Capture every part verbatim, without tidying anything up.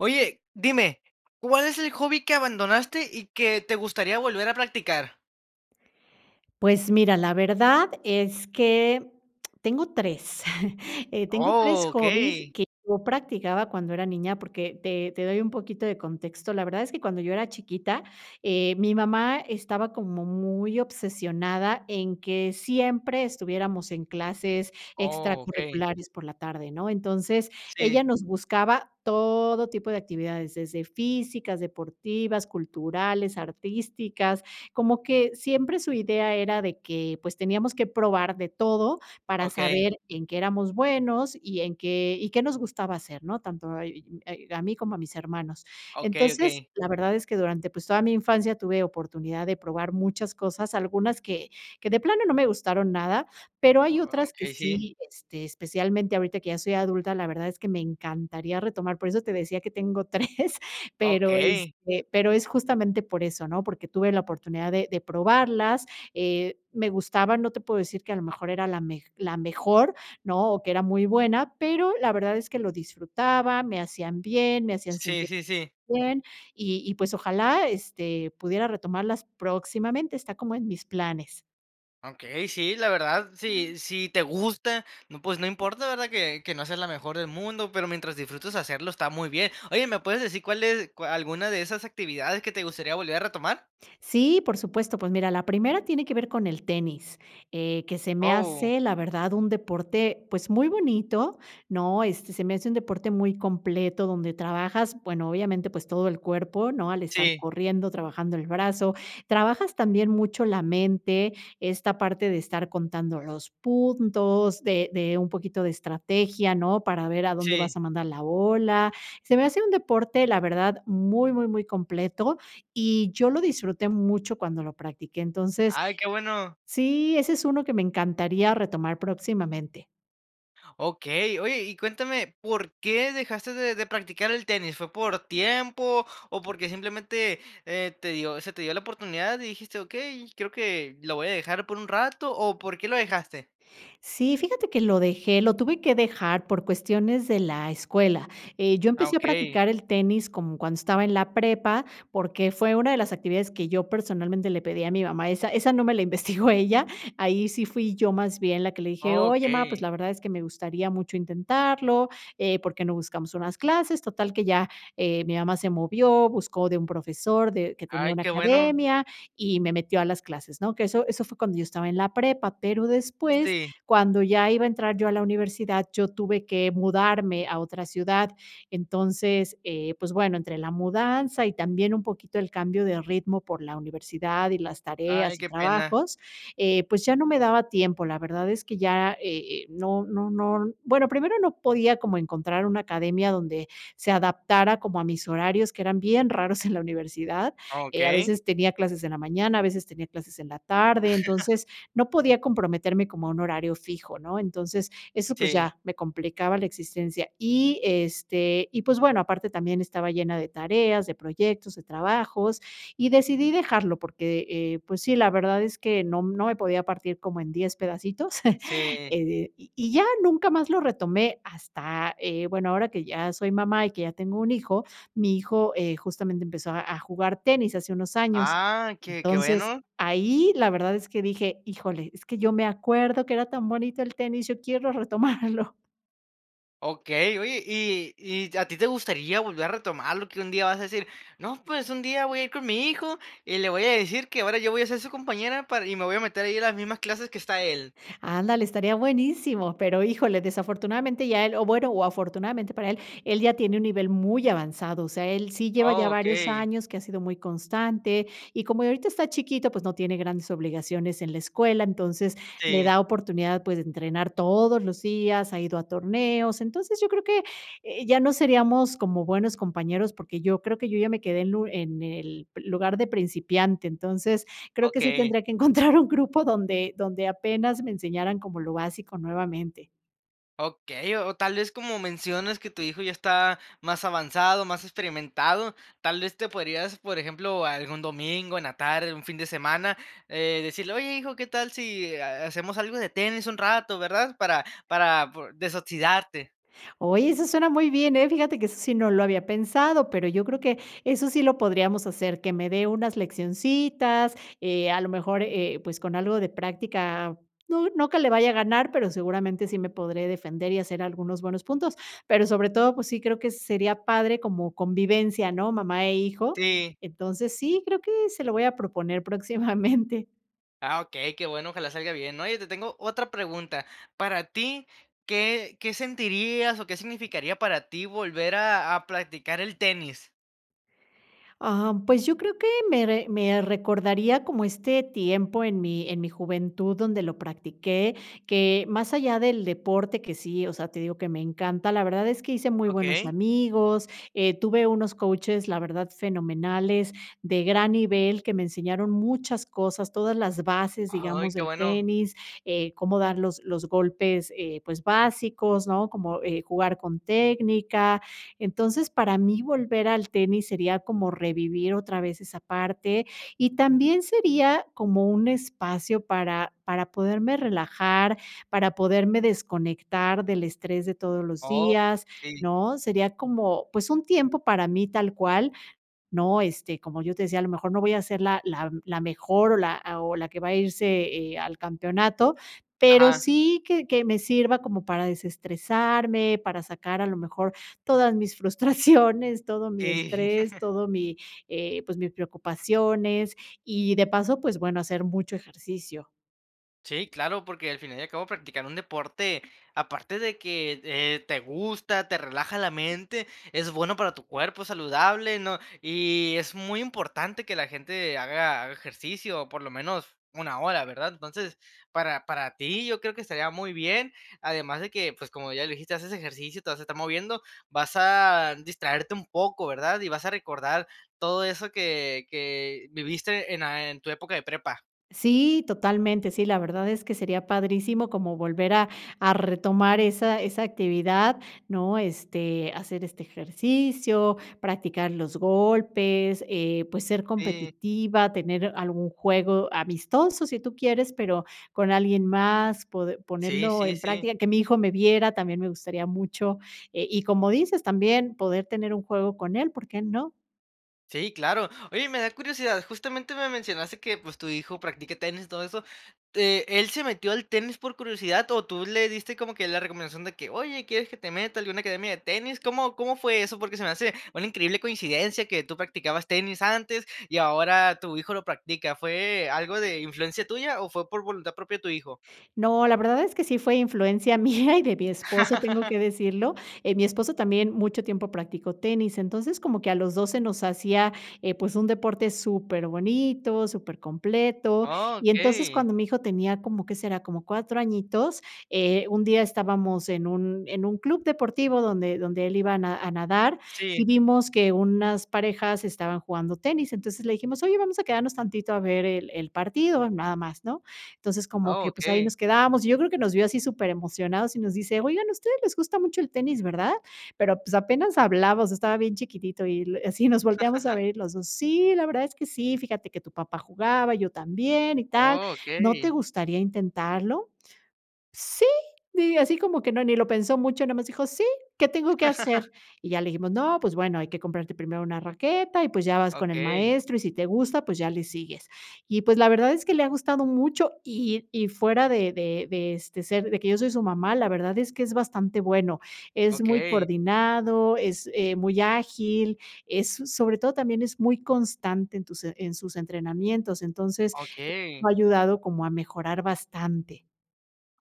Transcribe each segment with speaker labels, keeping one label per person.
Speaker 1: Oye, dime, ¿cuál es el hobby que abandonaste y que te gustaría volver a practicar?
Speaker 2: Pues mira, la verdad es que tengo tres. Eh, tengo tres hobbies
Speaker 1: Okey.
Speaker 2: que yo practicaba cuando era niña, porque te te doy un poquito de contexto. La verdad es que cuando yo era chiquita, eh, mi mamá estaba como muy obsesionada en que siempre estuviéramos en clases
Speaker 1: Okey.
Speaker 2: extracurriculares por la tarde, ¿no? Entonces, ella
Speaker 1: Sí.
Speaker 2: nos buscaba todo tipo de actividades, desde físicas, deportivas, culturales, artísticas. Como que siempre su idea era de que, pues teníamos que probar de todo para
Speaker 1: Okey.
Speaker 2: saber en qué éramos buenos y en qué y qué nos gustaba hacer, ¿no? Tanto eh, y eh, a mí como a mis hermanos.
Speaker 1: Okey,
Speaker 2: Entonces,
Speaker 1: okey.
Speaker 2: la verdad es que durante, pues, toda mi infancia tuve oportunidad de probar muchas cosas, algunas que que de plano no me gustaron nada, pero hay otras que
Speaker 1: Okey. Sí.
Speaker 2: sí, este, especialmente ahorita que ya soy adulta. La verdad es que me encantaría retomar. Por eso te decía que tengo tres, pero,
Speaker 1: Okey.
Speaker 2: este pero es justamente por eso, ¿no? Porque tuve la oportunidad de de probarlas, eh, me gustaban, no te puedo decir que a lo mejor era la mej la mejor, ¿no?, o que era muy buena, pero la verdad es que lo disfrutaba, me hacían bien, me hacían
Speaker 1: Sí
Speaker 2: sentir
Speaker 1: sí sí.
Speaker 2: bien. Y y, pues, ojalá, este, pudiera retomarlas próximamente, está como en mis planes.
Speaker 1: Okey, sí, la verdad, si si te gusta, no, pues no importa, ¿verdad? Que que no seas la mejor del mundo, pero mientras disfrutes hacerlo, está muy bien. Oye, ¿me puedes decir cuál es cua alguna de esas actividades que te gustaría volver a retomar?
Speaker 2: Sí, por supuesto. Pues, mira, la primera tiene que ver con el tenis, eh, que se me
Speaker 1: Oh.
Speaker 2: hace, la verdad, un deporte, pues, muy bonito, ¿no?, este, se me hace un deporte muy completo donde trabajas, bueno, obviamente, pues, todo el cuerpo, ¿no? Al estar
Speaker 1: Sí.
Speaker 2: corriendo, trabajando el brazo. Trabajas, también mucho, la mente, esta parte de estar contando los puntos, de de un poquito de estrategia, ¿no?, para ver a dónde
Speaker 1: Sí.
Speaker 2: vas a mandar la bola. Se me hace un deporte, la verdad, muy, muy, muy completo y yo lo disfruté mucho cuando lo practiqué. Entonces
Speaker 1: Ay, qué bueno.
Speaker 2: Sí, ese es uno que me encantaría retomar próximamente.
Speaker 1: Okey. Oye, y cuéntame, ¿por qué dejaste de de practicar el tenis? ¿Fue por tiempo o porque simplemente, eh, te dio se te dio la oportunidad y dijiste: "Okey, creo que lo voy a dejar por un rato", o por qué lo dejaste?
Speaker 2: Sí, fíjate que lo dejé, lo tuve que dejar por cuestiones de la escuela, eh, yo
Speaker 1: Ah,
Speaker 2: empecé a
Speaker 1: okey.
Speaker 2: practicar el tenis como cuando estaba en la prepa, porque fue una de las actividades que yo personalmente le pedí a mi mamá, esa esa no me la investigó ella, ahí sí fui yo, más bien, la que le dije: "Oye, má, pues,
Speaker 1: Okey.
Speaker 2: la verdad es que me gustaría mucho intentarlo, eh, ¿porque no buscamos unas clases?". Total que ya, eh, mi mamá se movió, buscó de un profesor de que tenía
Speaker 1: Ay,
Speaker 2: una
Speaker 1: qué bueno.
Speaker 2: academia y me metió a las clases, ¿no? Que eso eso fue cuando yo estaba en la prepa, pero después,
Speaker 1: Sí.
Speaker 2: cuando ya iba a entrar yo a la universidad, yo tuve que mudarme a otra ciudad. Entonces, eh, pues, bueno, entre la mudanza y también un poquito el cambio de ritmo, por la universidad, y las
Speaker 1: Ay,
Speaker 2: tareas, y
Speaker 1: qué pena.
Speaker 2: trabajos, eh, pues, ya no me daba tiempo. La verdad es que ya eh, eh, no no no, bueno, primero no podía como encontrar una academia donde se adaptara como a mis horarios, que eran bien raros en la universidad, eh, a
Speaker 1: Okey.
Speaker 2: veces, tenía clases en la mañana, a veces tenía clases en la tarde. Entonces, no podía comprometerme como a un horario fijo, ¿no? Entonces, eso, pues,
Speaker 1: Sí.
Speaker 2: ya me complicaba la existencia. Y, este, y, pues, bueno, aparte también estaba llena de tareas, de proyectos, de trabajos, y decidí dejarlo porque, eh, pues, sí, la verdad es que no m no me podía partir como en diez pedacitos,
Speaker 1: Sí.
Speaker 2: eh, y y ya, nunca más lo retomé. Hasta, eh, bueno, ahora que ya soy mamá y que ya tengo un hijo, mi hijo, eh, justamente empezó a a jugar tenis, hace unos años.
Speaker 1: Ah, qué qué
Speaker 2: Entonces,
Speaker 1: bueno.
Speaker 2: ahí, la verdad es que dije: "Híjole, es que yo me acuerdo que era tan bonito el tenis, yo quiero retomarlo".
Speaker 1: Okey. Oye, y y, ¿a ti te gustaría volver a retomarlo?, que un día vas a decir: "No, pues, un día voy a ir con mi hijo y le voy a decir que ahora yo voy a ser su compañera para y me voy a meter ahí a las mismas clases que está él".
Speaker 2: Ándale, estaría buenísimo, pero híjole, desafortunadamente ya él, o bueno, o afortunadamente para él, él ya tiene un nivel muy avanzado, o sea, él sí lleva
Speaker 1: Oh,
Speaker 2: ya varios
Speaker 1: okey.
Speaker 2: años que ha sido muy constante. Y como ahorita está chiquito, pues no tiene grandes obligaciones en la escuela, entonces le
Speaker 1: Sí.
Speaker 2: da oportunidad, pues, de entrenar todos los días, ha ido a torneos. Entonces, yo creo que, eh, ya no seríamos como buenos compañeros porque yo creo que yo ya me quedé en un en el lugar de principiante. Entonces, creo que sí
Speaker 1: Okey.
Speaker 2: tendría que encontrar un grupo donde donde apenas me enseñaran como lo básico, nuevamente.
Speaker 1: Okey. O o tal vez, como mencionas que tu hijo ya está más avanzado, más experimentado, tal vez te podrías, por ejemplo, algún domingo, en la tarde, un fin de semana, eh, decirle: "Oye, hijo, ¿qué tal si ha hacemos algo de tenis un rato?", ¿verdad? Para para por desoxidarte.
Speaker 2: Oye, eso suena muy bien, eh, fíjate que eso sí no lo había pensado, pero yo creo que eso sí lo podríamos hacer, que me dé unas leccioncitas, eh, a lo mejor, eh, pues, con algo de práctica, no no que le vaya a ganar, pero seguramente sí me podré defender y hacer algunos buenos puntos. Pero sobre todo, pues, sí, creo que sería padre como convivencia, ¿no? Mamá e hijo.
Speaker 1: Sí.
Speaker 2: Entonces, sí, creo que se lo voy a proponer, próximamente.
Speaker 1: Ah, okey, qué bueno, ojalá salga bien. Oye, te tengo otra pregunta, para ti, ¿qué qué sentirías o qué significaría para ti volver a a practicar el tenis?
Speaker 2: Ah, pues, yo creo que, me re me recordaría como este tiempo, en mi en mi juventud donde lo practiqué que, más allá del deporte que, sí, o sea, te digo que me encanta, la verdad es que hice muy buenos
Speaker 1: Okey.
Speaker 2: amigos, eh, tuve unos coaches, la verdad, fenomenales, de gran nivel, que me enseñaron muchas cosas, todas las bases,
Speaker 1: Ay,
Speaker 2: digamos,
Speaker 1: qué
Speaker 2: del
Speaker 1: bueno.
Speaker 2: tenis, eh, cómo dar los los golpes, eh, pues, básicos, ¿no?, como, eh, jugar con técnica. Entonces, para mí, volver al tenis sería como revivir otra vez esa parte y también sería como un espacio para para poderme relajar, para poderme desconectar del estrés de todos los
Speaker 1: Oh.
Speaker 2: días,
Speaker 1: Sí.
Speaker 2: ¿no? Sería como, pues, un tiempo para mí tal cual, ¿no?, este, como yo te decía, a lo mejor, no voy a ser la la m la mejor o la, ah, o la que va a irse, eh, al campeonato, pero
Speaker 1: Ajá.
Speaker 2: sí que que me sirva como para desestresarme, para sacar a lo mejor, todas mis frustraciones, todo mi
Speaker 1: Sí.
Speaker 2: estrés, todo mi, eh, pues, mis preocupaciones y, de paso, pues, bueno, hacer mucho ejercicio.
Speaker 1: Sí, claro, porque al final y al cabo practicar un deporte, aparte de que, eh, te gusta, te relaja la mente, es bueno para tu cuerpo, saludable, ¿no?, y es muy importante que la gente haga haga ejercicio, por lo menos una hora, ¿verdad? Entonces, para para ti, yo creo que estaría muy bien, además de que, pues, como ya le dijiste, haces ejercicio, te vas a estar moviendo, vas a distraerte un poco, ¿verdad?, y vas a recordar todo eso que que viviste en la en tu época de prepa.
Speaker 2: Sí, totalmente, sí, la verdad es que sería padrísimo como volver a a retomar esa esa actividad, ¿no? Este, hacer este ejercicio, practicar los golpes, eh, pues, ser
Speaker 1: Sí.
Speaker 2: competitiva, tener algún juego amistoso si tú quieres, pero con alguien más, pode
Speaker 1: Sí,
Speaker 2: ponerlo
Speaker 1: sí,
Speaker 2: en
Speaker 1: sí.
Speaker 2: práctica. Que mi hijo me viera también me gustaría mucho, eh, y como dices también, poder tener un juego con él, ¿por qué no?
Speaker 1: Sí, claro. Oye, me da curiosidad. Justamente me mencionaste que, pues, tu hijo practica tenis, todo eso. Eh, ¿él se metió al tenis por curiosidad o tú le diste como que la recomendación? De que, "oye, quieres que te meta a alguna academia de tenis?" ¿Cómo cómo fue eso? Porque se me hace una increíble coincidencia que tú practicabas tenis antes y ahora tu hijo lo practica, ¿fue algo de influencia tuya?, o, ¿fue por voluntad propia tu hijo?
Speaker 2: No, la verdad es que sí fue influencia mía y de mi esposo, tengo que decirlo. Eh, mi esposo también mucho tiempo practicó tenis, entonces como que a los dos se nos hacía, eh, pues, un deporte súper bonito, súper completo,
Speaker 1: Oh,
Speaker 2: y entonces
Speaker 1: okey.
Speaker 2: cuando mi hijo tenía como, ¿qué será?, como cuatro añitos, eh, un día estábamos en un en un club deportivo donde donde él iba a na a nadar
Speaker 1: Sí.
Speaker 2: y vimos que unas parejas estaban jugando tenis. Entonces, le dijimos: "oye, vamos a quedarnos tantito a ver el el partido, nada más," ¿no? Entonces, como
Speaker 1: Oh,
Speaker 2: que, pues, ahí
Speaker 1: okey.
Speaker 2: nos quedamos y yo creo que nos vio así superemocionados y nos dice: "Oigan, a ustedes les gusta mucho el tenis, ¿verdad?" Pero, pues, apenas hablaba, estaba bien chiquitito y así nos volteamos a ver los dos. "Sí, la verdad es que sí, fíjate que tu papá jugaba, yo también y tal,
Speaker 1: Oh,
Speaker 2: ¿no te
Speaker 1: okey.
Speaker 2: gustaría intentarlo?" "Sí," y así como que no ni lo pensó mucho, nomás dijo: "Sí, ¿qué tengo que hacer?" Y ya le dijimos: "No, pues bueno, hay que comprarte primero una raqueta y, pues, ya vas con el
Speaker 1: Okey.
Speaker 2: maestro y, si te gusta, pues ya le sigues." Y, pues, la verdad es que le ha gustado mucho y y fuera de de de, este, ser de que yo soy su mamá, la verdad es que es bastante bueno. Es muy
Speaker 1: Okey.
Speaker 2: coordinado, es eh, muy ágil, es, so sobre todo, también es muy constante en tus en sus entrenamientos. Entonces,
Speaker 1: Okey.
Speaker 2: lo ha ayudado como a mejorar bastante.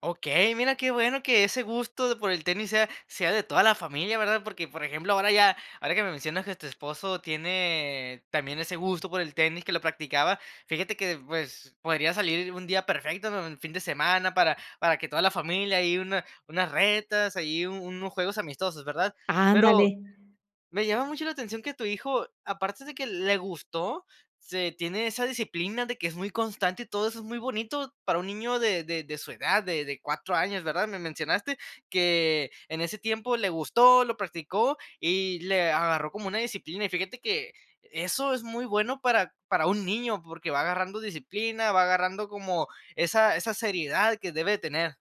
Speaker 1: Okey, mira qué bueno que ese gusto de por el tenis sea, sea de toda la familia, ¿verdad? Porque, por ejemplo, ahora ya ahora que me mencionas que tu esposo tiene también ese gusto por el tenis, que lo practicaba, fíjate que, pues, podría salir un día perfecto ¿no? Un fin de semana para para que toda la familia ahí una unas retas ahí u unos juegos amistosos, ¿verdad?
Speaker 2: Ándale.
Speaker 1: Pero, me llama mucho la atención que tu hijo, aparte de que le gustó, se tiene esa disciplina de que es muy constante y todo eso es muy bonito para un niño de de de su edad, de de cuatro años, ¿verdad? Me mencionaste que, en ese tiempo le gustó, lo practicó y le agarró como una disciplina, y fíjate que, eso es muy bueno para para un niño, porque va agarrando disciplina, va agarrando como esa esa seriedad que debe de tener.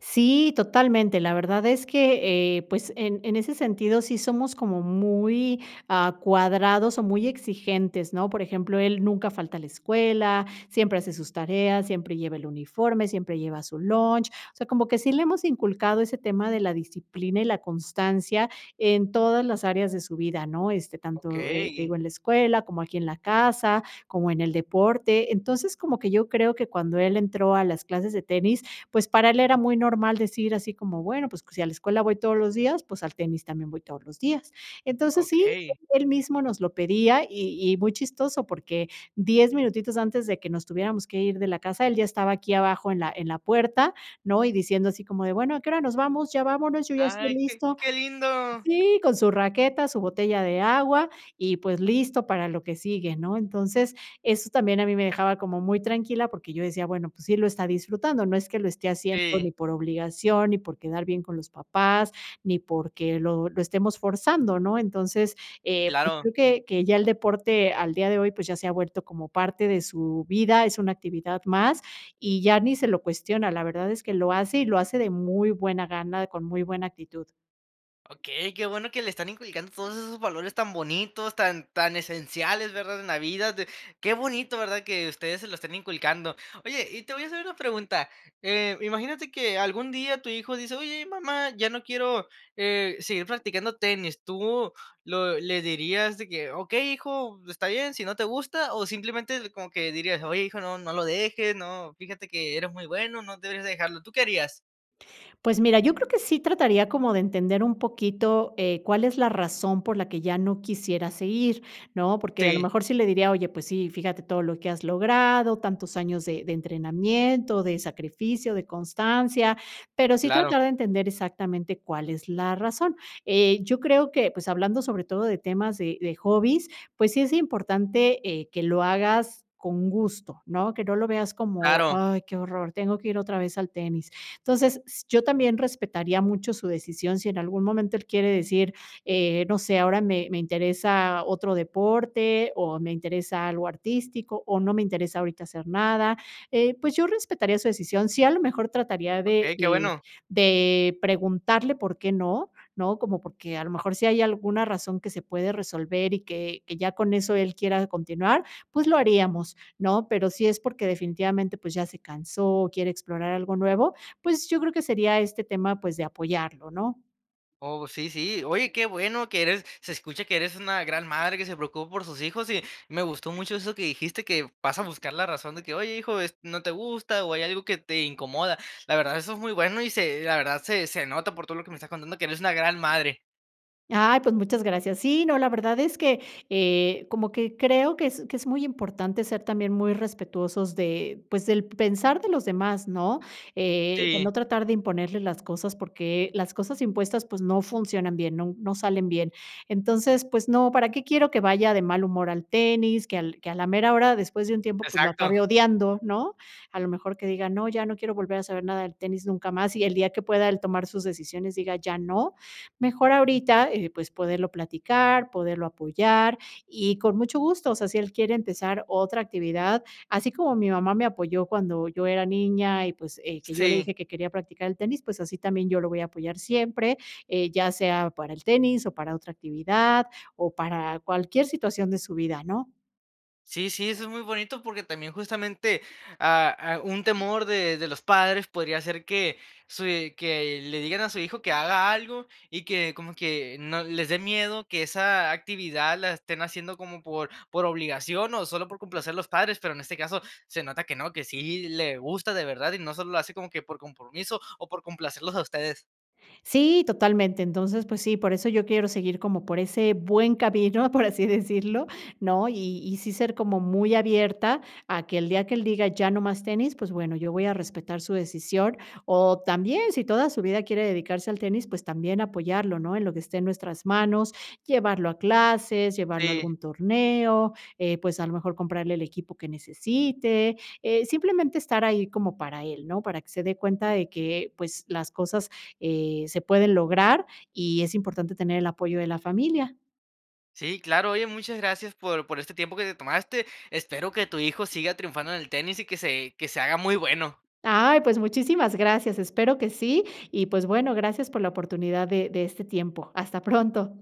Speaker 2: Sí, totalmente. La verdad es que, eh, pues, en en ese sentido sí somos como muy, ah, cuadrados o muy exigentes, ¿no? Por ejemplo, él nunca falta a la escuela, siempre hace sus tareas, siempre lleva el uniforme, siempre lleva su lunch, o sea, como que sí le hemos inculcado ese tema de la disciplina y la constancia, en todas las áreas de su vida, ¿no? Este, tanto, eh, te
Speaker 1: Okey.
Speaker 2: digo en la escuela, como aquí en la casa, como en el deporte. Entonces como que yo creo que cuando él entró a las clases de tenis, pues para él era muy normal decir así como: "Bueno, pues si a la escuela voy todos los días, pues al tenis también voy todos los días". Entonces, sí,
Speaker 1: Okey.
Speaker 2: él mismo nos lo pedía y y muy chistoso porque diez minutitos antes de que nos tuviéramos que ir de la casa, él ya estaba aquí abajo en la en la puerta, ¿no? Y diciendo así como de: "Bueno, ¿a qué hora nos vamos? Ya vámonos, yo ya estoy
Speaker 1: Ay, qué
Speaker 2: listo".
Speaker 1: qué lindo.
Speaker 2: Sí, con su raqueta, su botella de agua, y pues listo para lo que sigue, ¿no? Entonces, eso también a mí me dejaba como muy tranquila porque yo decía: "Bueno, pues sí lo está disfrutando, no es que lo esté haciendo,
Speaker 1: Sí.
Speaker 2: ni por obligación, ni por quedar bien con los papás, ni porque lo lo estemos forzando", ¿no? Entonces, eh, pues
Speaker 1: Claro.
Speaker 2: creo que, que ya el deporte al día de hoy, pues, ya se ha vuelto como parte de su vida, es una actividad más, y ya ni se lo cuestiona, la verdad es que lo hace y lo hace de muy buena gana, con muy buena actitud.
Speaker 1: Okey, qué bueno que le están inculcando todos esos valores tan bonitos, tan, tan esenciales, ¿verdad?, en la vida, de qué bonito, ¿verdad?, que ustedes se lo estén inculcando. Oye, y te voy a hacer una pregunta. Eh, imagínate que algún día tu hijo dice: "Oye mamá, ya no quiero, eh, seguir practicando tenis". Tú lo le dirías de que: "Okey hijo, está bien si no te gusta". O simplemente como que dirías: "Oye hijo no no lo dejes, no fíjate que eres muy bueno no debes dejarlo". ¿Tú qué harías?
Speaker 2: Pues mira, yo creo que sí trataría como de entender un poquito, eh, cuál es la razón por la que ya no quisiera seguir, ¿no? Porque a lo
Speaker 1: Sí.
Speaker 2: mejor sí le diría: "Oye, pues sí, fíjate todo lo que has logrado, tantos años de de entrenamiento, de sacrificio, de constancia". Pero sí
Speaker 1: Claro.
Speaker 2: tratar de entender exactamente cuál es la razón. Eh, yo creo que, pues hablando sobre todo de temas de de hobbies, pues sí es importante, eh, que lo hagas con gusto, ¿no? Que no lo veas como:
Speaker 1: Claro.
Speaker 2: "Ay qué horror, tengo que ir otra vez al tenis". Entonces, s yo también respetaría mucho su decisión si en algún momento él quiere decir: "Eh, no sé, ahora me me interesa otro deporte o me interesa algo artístico o no me interesa ahorita hacer nada". Eh, pues yo respetaría su decisión. Sí, a lo mejor trataría de
Speaker 1: Okey, qué
Speaker 2: de
Speaker 1: bueno.
Speaker 2: de preguntarle por qué no, ¿no? Como, por que a lo mejor si hay alguna razón que se puede resolver y que que ya con eso él quiera continuar, pues lo haríamos, ¿no? Pero si es porque definitivamente, pues, ya se cansó, quiere explorar algo nuevo, pues, yo creo que sería este tema, pues, de apoyarlo, ¿no?
Speaker 1: Oh, sí, sí. Oye, qué bueno que eres, se escucha que eres una gran madre que se preocupa por sus hijos y me gustó mucho eso que dijiste que vas a buscar la razón de que: "Oye hijo es no te gusta o hay algo que te incomoda". La verdad, eso es muy bueno y se la verdad se se nota por todo lo que me estás contando que eres una gran madre.
Speaker 2: Ay, pues muchas gracias. Sí, no, la verdad es que, eh, como que creo que es que es muy importante ser también muy respetuosos de pues del pensar de los demás, ¿no? Eh, de
Speaker 1: Sí.
Speaker 2: no tratar de imponerles las cosas, porque las cosas impuestas, pues, no funcionan bien, nun no salen bien. Entonces, pues no, para qué quiero que vaya de mal humor al tenis, que al que a la mera hora, después de un tiempo, pues, lo
Speaker 1: Exacto.
Speaker 2: acabe odiando, ¿no? A lo mejor que diga: "No, ya no quiero volver a saber nada del tenis nunca más", y el día que pueda él tomar sus decisiones, diga: "Ya no", mejor ahorita, eh, pues poderlo platicar, poderlo apoyar, y con mucho gusto, o sea, si él quiere empezar otra actividad, así como mi mamá me apoyó cuando yo era niña y, pues, eh, que yo le
Speaker 1: Sí.
Speaker 2: dije que quería practicar el tenis, pues así también yo lo voy a apoyar siempre, eh, ya sea para el tenis o para otra actividad o para cualquier situación de su vida, ¿no?
Speaker 1: Sí, sí, eso es muy bonito, porque también justamente, ah ah, un temor de de los padres podría ser que su eh, que le digan a su hijo que haga algo y que como que no les de miedo que esa actividad la estén haciendo como por por obligación o solo por complacer a los padres, pero en este caso se nota que no, que sí le gusta de verdad y no solo lo hace como que por compromiso o por complacerlos a ustedes.
Speaker 2: Sí, totalmente. Entonces, pues sí, por eso yo quiero seguir como por ese buen camino, por así decirlo, ¿no?, y y sí ser como muy abierta a que el día que él diga: "Ya no más tenis", pues bueno, yo voy a respetar su decisión. O también, si toda su vida quiere dedicarse al tenis, pues también apoyarlo, ¿no?, en lo que esté en nuestras manos, llevarlo a clases, llevarlo a
Speaker 1: Sí.
Speaker 2: algún torneo, eh, pues a lo mejor, comprarle el equipo que necesite, eh, simplemente estar ahí como para él, ¿no?, para que se dé cuenta de que, pues, las cosas, eh, se pueden lograr y es importante tener el apoyo de la familia.
Speaker 1: Sí, claro. Oye, muchas gracias por por este tiempo que te tomaste. Espero que tu hijo siga triunfando en el tenis y que se que se haga muy bueno.
Speaker 2: Ay, pues muchísimas gracias, espero que sí y, pues bueno, gracias por la oportunidad de de este tiempo. Hasta pronto.